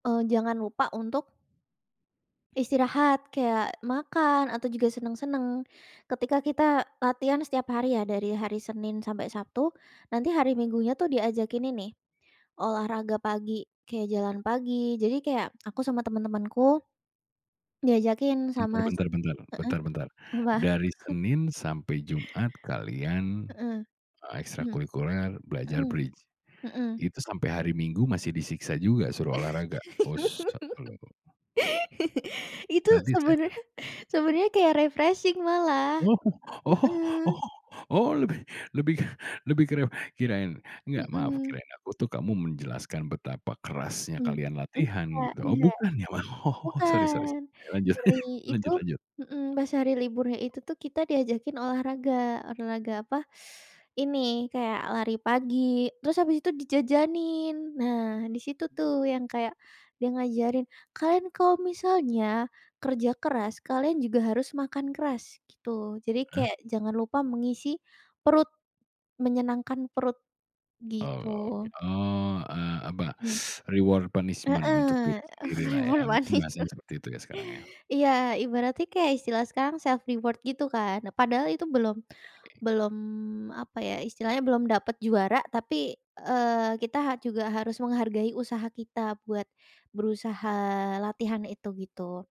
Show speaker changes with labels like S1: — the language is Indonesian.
S1: Eee, jangan lupa untuk istirahat kayak makan atau juga senang-senang. Ketika kita latihan setiap hari ya dari hari Senin sampai Sabtu, nanti hari Minggunya tuh diajakin ini, olahraga pagi kayak jalan pagi, jadi kayak aku sama teman-temanku, diajakin
S2: Bentar
S1: sama
S2: bentar bentar
S1: heeh,
S2: bentar bentar.
S1: apa?
S2: Dari Senin sampai Jumat kalian,
S1: Heeh.
S2: eee,
S1: Mmm.
S2: ekstrakulikuler belajar
S1: Mhm.
S2: Bridge.
S1: Mhm.
S2: Itu sampai hari Minggu masih disiksa juga suruh olahraga? Us [unintelligible]
S1: Itu
S2: Sadis kan.
S1: sebenernya sebenernya kayak refreshing malah.
S2: Oh oh
S1: Mmm.
S2: oh oh, lebih lebih lebih ke riuh, kirain enggak maaf
S1: Mmm.
S2: kirain aku tuh kamu menjelaskan betapa kerasnya
S1: Mmm,
S2: kalian latihan,
S1: nggak
S2: gitu. Oh,
S1: nggak.
S2: bukan ya? Wah, oh, sorry sorry
S1: Bukan,
S2: sorry. Ya, lanjut
S1: hari itu
S2: lanjut lanjut.
S1: hmm, pas hari liburnya itu tuh kita diajakin olahraga, olahraga apa, ini kayak lari pagi, terus habis itu dijajanin. Nah, di situ tuh yang kayak dia ngajarin, "Kalian kalau misalnya kerja keras kalian juga harus makan keras," gitu. Jadi
S2: Ah?
S1: kayak jangan lupa mengisi perut, menyenangkan perut,
S2: Oh,
S1: gitu.
S2: oke. Oh, eee, apa
S1: Mmm.
S2: reward punishment untuk
S1: Heeh,
S2: diri
S1: eh,
S2: sendirilah ya,
S1: keburu
S2: mungkin
S1: panik
S2: bahasanya
S1: tuh.
S2: seperti itu ya sekarang ya.
S1: Iya, ibaratnya kayak istilah sekarang self reward gitu kan, padahal itu belum belum apa ya, istilahnya belum dapat juara tapi, eee, kita ha juga harus menghargai usaha kita buat berusaha latihan itu gitu.